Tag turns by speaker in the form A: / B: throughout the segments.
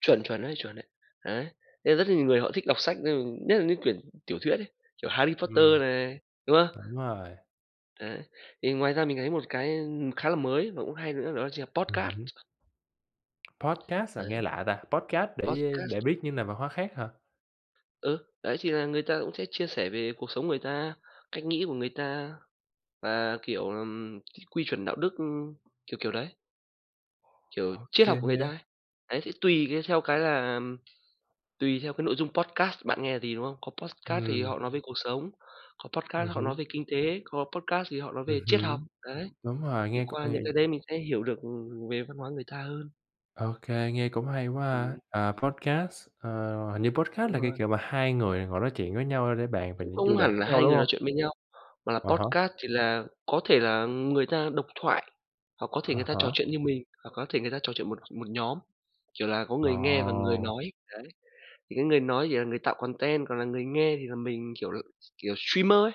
A: Chuẩn, chuẩn đấy, chuẩn đấy! Đấy, nên rất nhiều người họ thích đọc sách, ừm, nhất là những quyển tiểu thuyết ấy, kiểu, Harry Potter
B: Ừm.
A: này, đúng hông?
B: Đúng rồi.
A: Đấy. Thì ngoài ra mình thấy một cái, ưm, khá là mới và cũng hay nữa đó chính là là
B: Ừm
A: podcast.
B: hứm. Podcast à?
A: Đấy.
B: Nghe lạ ta, podcast để, ơ,
A: Podcast.
B: để biết những nền văn hóa khác hả?
A: Ừ, đấy thì là người ta cũng sẽ chia sẻ về cuộc sống người ta, cách nghĩ của người ta, và, kiểu, ừm, quy chuẩn đạo đức, ừm, kiểu kiểu đấy. Kiểu triết học
B: OK
A: của người ta
B: á.
A: ấy. Đấy thì tùy cái theo cái là tùy theo cái nội dung podcast bạn là nghe gì, đúng hông? Có podcast thì
B: Ừm.
A: họ nói về cuộc sống, có
B: Ừm
A: podcast họ nói
B: hứm.
A: về kinh tế, có podcast thì họ nói
B: Ừm
A: về triết học,
B: hứm,
A: đấy.
B: đúng rồi,
A: Thì
B: nghe cũng
A: qua những
B: hay.
A: cái đấy mình sẽ hiểu được, ừm, về văn hóa người ta hơn.
B: OK, nghe cũng hay quá ha.
A: Ừm.
B: À, podcast, à, hình như podcast
A: Đúng
B: là cái
A: rồi.
B: kiểu mà 2 người ngồi nói chuyện với nhau để bàn về
A: Cũng
B: những
A: không
B: chủ đề
A: hẳn
B: khác
A: là
B: nhau,
A: 2
B: đúng
A: người nói
B: hông?
A: chuyện với nhau, mà là
B: À há.
A: podcast thì là có thể là, ừm, người ta độc thoại, hoặc có thể người
B: À
A: ta trò
B: há.
A: chuyện như mình, hoặc có thể người ta trò chuyện một một nhóm, kiểu là, có
B: Ờ.
A: người nghe và người nói, đấy. Thì cái người nói chỉ là người tạo content, còn là người nghe thì là mình, kiểu l kiểu, streamer ấy,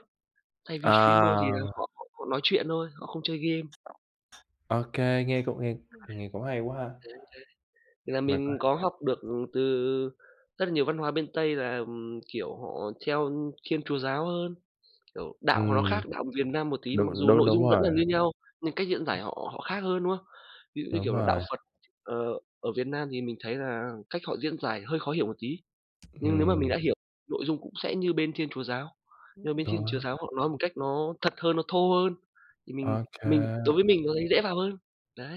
A: thay vì streamer thì là
B: À.
A: họ họ họ nói chuyện thôi, họ không chơi game.
B: OK, nghe cũng nghe
A: [unintelligible]
B: nghe cũng hay quá ha.
A: Đấy, đấy. Là
B: Mình
A: mình có học được,
B: [unintelligible]
A: ừm, từ rất là nhiều văn hóa bên Tây là, ừm, kiểu, họ theo, ưm, Thiên Chúa giáo hơn, kiểu, đạo của nó
B: Ừm.
A: khác đạo Việt Nam một tí, mặc
B: Đúng
A: dù
B: đúng,
A: nội
B: đúng
A: dung vẫn
B: rồi.
A: là như nhau, nhưng cách diễn giải họ họ khác hơn, đúng không? Ví dụ như,
B: Đúng
A: kiểu là, đạo
B: rồi.
A: Phật, ờ, ở Việt Nam thì mình thấy là cách họ diễn giải hơi khó hiểu một tí, nhưng nếu mà mình
B: Ừm.
A: đã hiểu nội dung cũng sẽ như bên Thiên Chúa giáo, nhưng mà bên Thiên
B: Đó.
A: Chúa giáo họ nói một cách nó thật hơn, nó thô hơn, thì mình
B: Ô kê.
A: mình đối với mình nó thấy dễ vào hơn, đấy.